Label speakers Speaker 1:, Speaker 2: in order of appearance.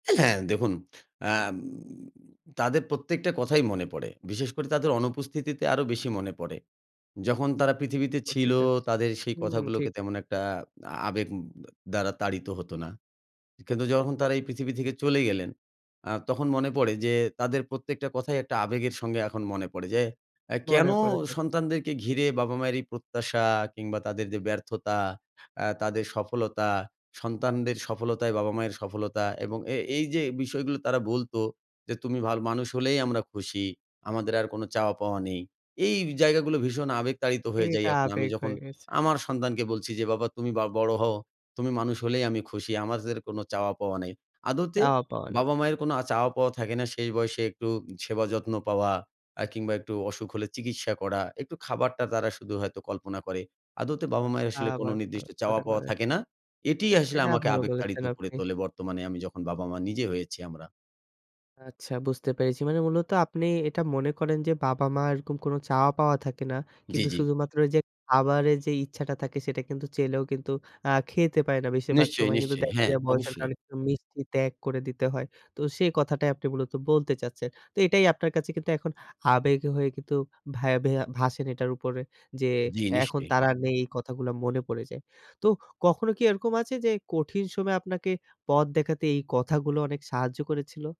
Speaker 1: অ্যা হ্যাঁ, দেখুন আম তাদের প্রত্যেকটা কথাই মনে পড়ে। বিশেষ করে তাদের অনুপস্থিতিতে আরো বেশি মনে পড়ে। যখন তারা পৃথিবীতে ছিল,
Speaker 2: উপস্থিত থাকে যে,
Speaker 1: তাদের সেই
Speaker 2: হুম,
Speaker 1: কথাগুলোকে
Speaker 2: ঠিক।
Speaker 1: তেমন একটা আ আবেগ দ্বারা তাড়িত হত না। কিন্তু যখন তারা এই পৃথিবী থেকে চলে গেলেন, আ তখন মনে পড়ে যে, তাদের প্রত্যেকটা কথাই একটা আবেগের সঙ্গে এখন মনে পড়ে। যে, কেন
Speaker 2: মনে পড়ে থাক।
Speaker 1: সন্তানদেরকে ঘিরে বাবা মায়ের এই প্রত্যাশা কিংবা তাদের যে, ব্যর্থতা, অ্যা তাদের সফলতা, সন্তানদের সফলতাই বাবা মায়ের সফলতা এবং এ এই যে, বিষয়গুলো তারা বলত যে, "তুমি ভালো মানুষ হলেই আমরা খুশি। আমাদের আর কোন চাওয়া পাওয়া নেই।" এই জায়গাগুলো ভীষণ আবেগতাড়িত হয়ে যাই
Speaker 2: এটা
Speaker 1: এখন। আমি
Speaker 2: আবেগ
Speaker 1: যখন
Speaker 2: হয়ে গেছে।
Speaker 1: আমার সন্তানকে বলছি যে, "বাবা তুমি বা বড় হও, তুমি মানুষ হলেই আমি খুশি। আমাদের কোন চাওয়া পাওয়া নাই।" আদতে
Speaker 2: চাওয়া-পাওয়া নেই।
Speaker 1: বাবা মায়ের কোন আ চাওয়া পাওয়া থাকে না। শেষ বয়সে একটু সেবা যত্ন পাওয়া, আ কিংবা একটু অসুখ হলে চিকিৎসা করা, একটু খাবারটা তারা শুধু হয়তো কল্পনা করে। আদতে বাবা মায়ের আসলে কোন
Speaker 2: আবার করে,
Speaker 1: নির্দিষ্ট
Speaker 2: ওটা
Speaker 1: চাওয়া-পাওয়া
Speaker 2: করে।
Speaker 1: থাকে না। এটিই আসলে
Speaker 2: এটা
Speaker 1: আমাকে
Speaker 2: ভালো
Speaker 1: আবেগতাড়িত
Speaker 2: বলেছেন
Speaker 1: করে
Speaker 2: আপনি।
Speaker 1: তোলে। বর্তমানে আমি যখন বাবা-মা নিজে হয়েছি আমরা।
Speaker 2: আচ্ছা বুঝতে পেরেছি। মানে মূলত আপনি এটা মনে করেন যে, বাবা-মা'র এরকম কোনো চাওয়া পাওয়া থাকে না।
Speaker 1: জি,
Speaker 2: কিন্তু
Speaker 1: জি।
Speaker 2: শুধুমাত্র এইযে খাবারের যে, ইচ্ছাটা থাকে সেটা কিন্তু চাইলেও কিন্তু আ খেতে পায় না। বেশিরভাগ
Speaker 1: নিশ্চয়,
Speaker 2: সময় কিন্তু
Speaker 1: নিশ্চয়ই।
Speaker 2: দেখা
Speaker 1: হ্যাঁ,
Speaker 2: যায় বয়সের
Speaker 1: অবশ্যই।
Speaker 2: কারণে কিন্তু মিষ্টি ত্যাগ করে দিতে হয়। তো সেই কথাটাই আপনি মূলত বলতে চাচ্ছেন। তো এটাই আপনার কাছে কিন্তু এখন আবেগ হয়ে কিন্তু ভ্যাবে ভাসেন এটার উপরে। যে,
Speaker 1: জি,
Speaker 2: এখন
Speaker 1: নিশ্চয়ই।
Speaker 2: তারা নেই এই কথাগুলো মনে পড়ে যায়। তো কখনো কি এরকম আছে যে, কঠিন সময়ে আপনাকে পথ দেখাতে এই কথাগুলো অনেক সাহায্য করেছিল?